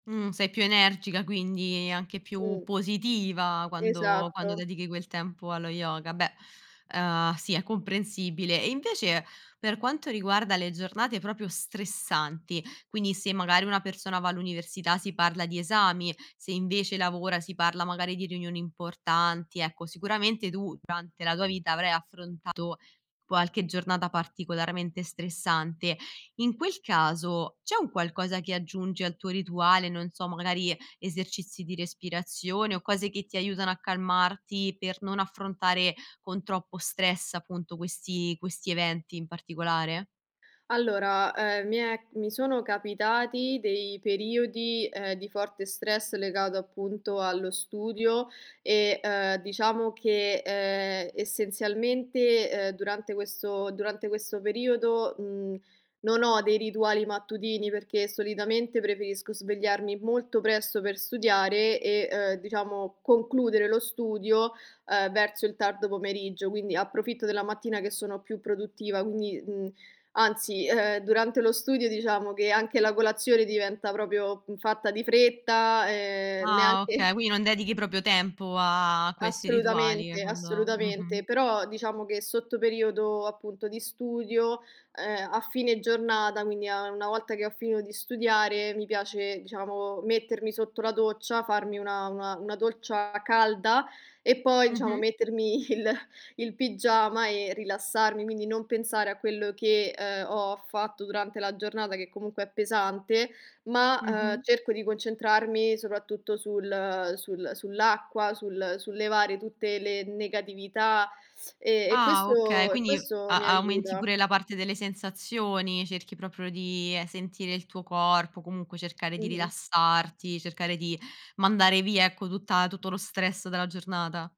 Mhmm, sei più energica quindi, anche più Mh. positiva quando quando Esatto. dedichi quel tempo allo yoga, beh, uhm, sì è comprensibile. E invece, per quanto riguarda le giornate proprio stressanti, quindi se magari una persona va all'università si parla di esami, se invece lavora si parla magari di riunioni importanti, ecco sicuramente tu durante la tua vita avrai affrontato qualche giornata particolarmente stressante. In quel caso, c'è un qualcosa che aggiungi al tuo rituale, non so, magari esercizi di respirazione o cose che ti aiutano a calmarti per non affrontare con troppo stress appunto, questi questi eventi in particolare? Allora, ehm, mi è mi sono capitati dei periodi, ehm, di forte stress legato, appunto, allo studio, ehm, diciamo che, ehm, essenzialmente, ehm, durante questo durante questo periodo, mhmm, non ho dei rituali mattutini, perché solitamente preferisco svegliarmi molto presto per studiare e, uhm, diciamo, concludere lo studio, ehm, verso il tardo pomeriggio; quindi approfitto della mattina che sono più produttiva, quindi, mhmm, anzi, ehm, durante lo studio diciamo che anche la colazione diventa proprio fatta di fretta, ehm, neanche Ah okay, quindi non dedichi proprio tempo a questi rituali Assolutamente, quando mh-mh. assolutamente, però diciamo che sotto periodo appunto di studio, ehm, a fine giornata, quindi a una volta che ho finito di studiare, mi piace diciamo, mettermi sotto la doccia, farmi una una una doccia calda e poi diciamo, Mh-mh. mettermi il il pigiama e rilassarmi; quindi non pensare a quello che, ehm, ho fatto durante la giornata che comunque è pesante, ma, ehm, Mh-mh. cerco di concentrarmi soprattutto sul sul sull'acqua, sul sul levare tutte le negatività, e e Ah okay, questo e quindi questo mi a aumenti aiuta. pure la parte delle sensazioni, cerchi proprio di sentire il tuo corpo, comunque cercare di Mh-mh. rilassarti, cercare di mandare via ecco, tutta tutto lo stress dalla giornata.